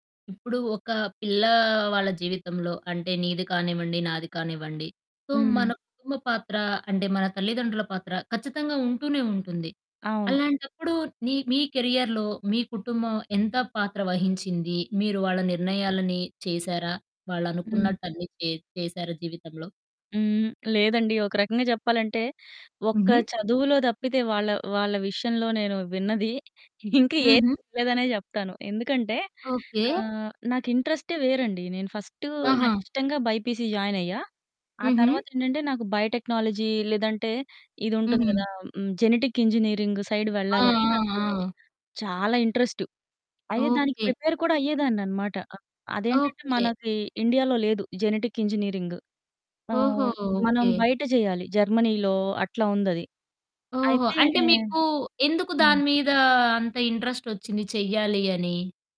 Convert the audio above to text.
ఇప్పుడు, ఒక పిల్లా వాళ్ళ జీవితంలో అంటే, నీది కానివ్వండి, నాది కానివ్వండి. సో మన హ్మ్. కుటుంబ పాత్ర అంటే, మన తల్లిదండ్రుల పాత్ర ఖచ్చితంగా ఉంటూనే ఉంటుంది. అవును. అలాంటప్పుడు, నీ మీ కెరియర్‌లో, మీ కుటుంబం ఎంత పాత్ర వహించింది? మీరు వాళ్ళ నిర్ణయాలని చేశారా? హ్మ్. వాళ్ళనుకున్నట్టన్నీ చే చేశారా జీవితంలో? హ్మ్. లేదండి. ఒక రకంగా చెప్పాలంటే, ఒక్క హుహు. చదువులో తప్పితే వాళ్ళ, వాళ్ళ విషయంలో, నేను విన్నది ఇంకేది హుహు! వినలేదనే చెప్తాను. ఎందుకంటే ఓకే. ఆహ్, నాకు ఇంట్రెస్టే వేరండి. నేను ఫస్ట్ నాకు ఆహా! ఇష్టంగా బైపీసీ జాయిన్ అయ్యా. ఆ హుహు. తర్వాత ఏంటంటే, నాకు బయోటెక్నాలజీ లేదంటే ఇది ఉంటుంది హుహు. కదా! హ్మ్, జెనెటిక్ ఇంజినీరింగ్ సైడ్ ఆ! వెళ్ళాలని, ఆ! నాకు ఆ! చాలా ఇంట్రెస్ట్. అయితే, దానికి ఓకే. ప్రిపేర్ కూడా అయ్యేదాన్నన్నమాట. అ అదేంటంటే, ఓకే. మనకి ఇండియాలో లేదు జెనెటిక్ ఇంజినీరింగ్. ఓహో! ఆహ్, మనం ఓకే. బయట చేయాలి. జర్మనీలో అట్లా ఉందది. ఓహో! అయితే అంటే, మీకు ఎందుకు హ్మ్. దాని మీద అంత ఇంట్రెస్టోచ్చింది చెయ్యాలి అని?